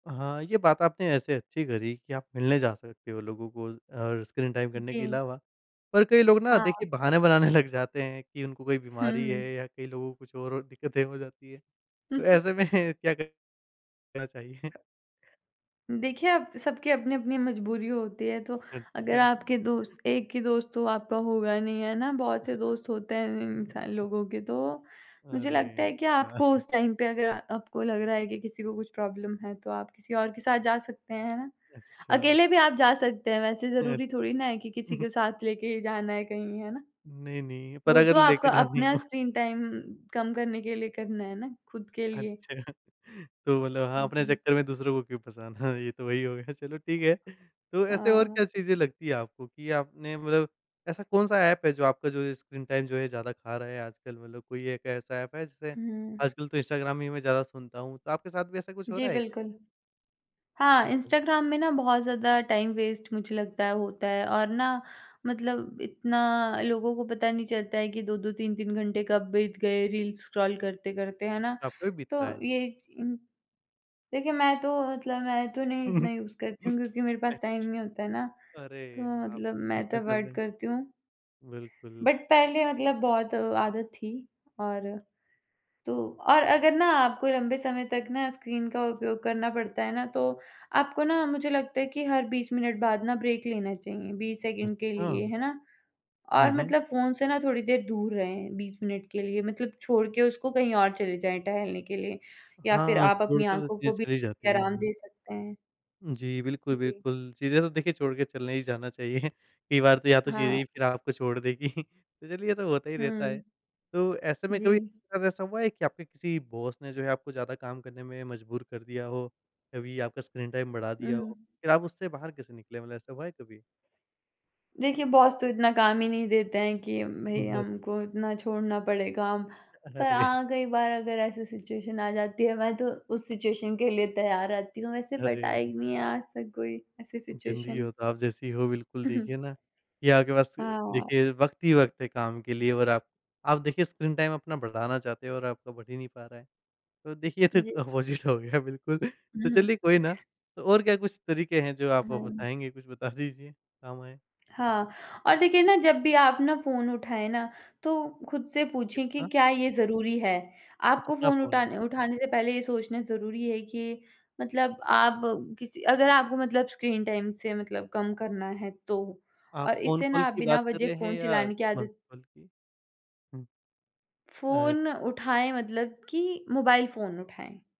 हाँ, ये बात आपने ऐसे अच्छी करी कि आप मिलने जा सकते हो लोगों को और स्क्रीन टाइम करने के जी। अलावा, पर कई लोग ना हाँ। देखिए बहाने बनाने लग जाते हैं कि उनको कोई बीमारी है हुँ। या कई लोगों को कुछ और दिक्कतें हो जाती है, तो ऐसे में क्या क चाहिए? देखिए अब, सबकी अपनी-अपनी मजबूरी होती है, तो अगर अच्छा। आपके दोस्त एक ही दोस्त तो आपका होगा नहीं, है ना? बहुत से ह दोस्त होते हैं इं इंसान लोगों के तो। मुझे अरे लगता है कि आपको या उस टाइम पे अगर आपको लग रहा है कि किसी को कुछ प्रॉब्लम है तो आप किसी और के साथ जा सकते हैं, है ना? अच्छा। अकेले भी आप जा सकते हैं वैसे अ, ज़रूरी थोड़ी ना है कि किसी को साथ लेके ही जाना है कहीं, है ना? नहीं, नहीं पर वो अगर तो आपका लेके जानी अपना हो। स्क्रीन टाइम कम करने के लिए करना है ना, खुद के लिए। अच्छा तो मतलब हाँ, अपने जी। चक्कर में दूसरों को क्यों फँसाना, ये तो वही हो गया चलो ठीक है, तो ऐसे और हाँ। क्या चीज़ें लगती है आपको कि आपने मतलब ऐसा कौन-सा ऐप है जो आपका जो ये स्क्रीन टाइम जो है ज़्यादा खा रहा है आजकल मतलब कोई एक ऐसा ऐप है जिसे हुँ। आजकल तो इंस्टाग्राम ही मैं ज़्यादा सुनता हूँ, तो आपके साथ भी ऐसा कुछ हो जी, रहा है? बिल्कुल, उ, हाँ, हुँ। इंस्टाग्राम में ना बहुत ज़्यादा टाइम वेस्ट मुझे लगता है होता है और ना, मतलब इतना लोगों को पता नहीं चलता है कि 2-2 3-3 घंटे कब बीत गए रील्स स्क्रॉल करते-करते, है ना? आपका भी तो बीतता है? ये उ देखिए, मैं तो मतलब, मैं तो नहीं इतना यूज़ करती हूँ क्योंकि मेरे पास टाइम अच्छा। नहीं होता है ना, तो अरे हाँ, मतलब आपके तो मैं तो बिजनेस चल अवॉइड रहे हैं। करती हूँ। बिल्कुल। बट पहले मतलब बहुत आदत थी और तो और अगर ना आपको लंबे समय तक ना स्क्रीन का उपयोग करना पड़ता है ना तो, आपको ना मुझे लगता है कि हर 20 मिनट बाद ना ब्रेक लेना चाहिए 20 सेकंड के लिए, अच्छा। है ना? हुँ, और हुँ। मतलब फ़ोन से ना थोड़ी देर दूर रहें 20 मिनट के लिए मतलब छोड़ के उसको कहीं और चले जाएँ टहलने के लिए या फिर हाँ, आप छोड़ अपनी के तो आँखों चीज़ें को भी चली जाती है, आराम हाँ। दे सकते हैं। जी, बिल्कुल, जी। बिल्कुल, चीज़ें तो देखिए छोड़ के चलने ही जाना चाहिए। कई बार तो या तो चीज़ें हाँ। ही फिर आपको छोड़ देगी, तो चलिए ये तो होता ही रहता है, हुँ। तो ऐसे में कभी जी। आपके साथ ऐसा हुआ है कि आपके किसी बॉस ने जो है आपको ज़्यादा काम करने में मजबूर कर दिया हो, कभी आपका स्क्रीन टाइम बढ़ा हुँ, दिया हो, हुँ। फिर आप उससे बाहर कैसे निकले मतलब ऐसा हुआ है कभी? देखिए, बॉस तो इतना काम ही नहीं देते हैं कि भई हुँ, हाँ। हमको इतना छोड़ना पड़े काम, पर अरे! हाँ, कई बार अगर ऐसी सिचुएशन आ जाती है, मैं तो उस सिचुएशन के लिए तैयार रहती हूँ वैसे बट अरे। आई नहीं है आज तक कोई ऐसी जिंदगी सिचुएशन। हो तो आप जैसी हो बिल्कुल देखिए ना, कि आपके पास हाँ। देखिए वक़्त ही वक़्त है काम के लिए और आप आप देखिए स्क्रीन टाइम अपना बढ़ाना चाहते हो और आपका बढ़ ही नहीं पा रहा है। तो देखिए ये तो एक जी। अपोजिट हो गया बिल्कुल। तो हुँ, हुँ। चलिए कोई ना, तो और क्या कुछ तरीके हैं जो आप हाँ। बताएँगे कुछ बता दीजिए काम आएँ। हाँ, और देखिए ना जब भी आप ना फ़ोन उठाएँ ना, तो खुद से पूछें कि किसका? क्या ये ज़रूरी है? आपको अच्छा [unintelligible] फ़ोन फ़ोन। उठाने उठाने से पहले ये सोचना ज़रूरी है कि मतलब आप किसी अगर आपको मतलब स्क्रीन टाइम से मतलब कम करना है तो, आप और फ़ोन इससे कॉल ना आप की बिना बात कर वज़ह रहे फ़ोन हैं या चलाने की [unintelligible] आदत कॉल की? हुँ। अ फ़ोन उठाएँ मतलब कि मोबाइल फ़ोन उठाएँ।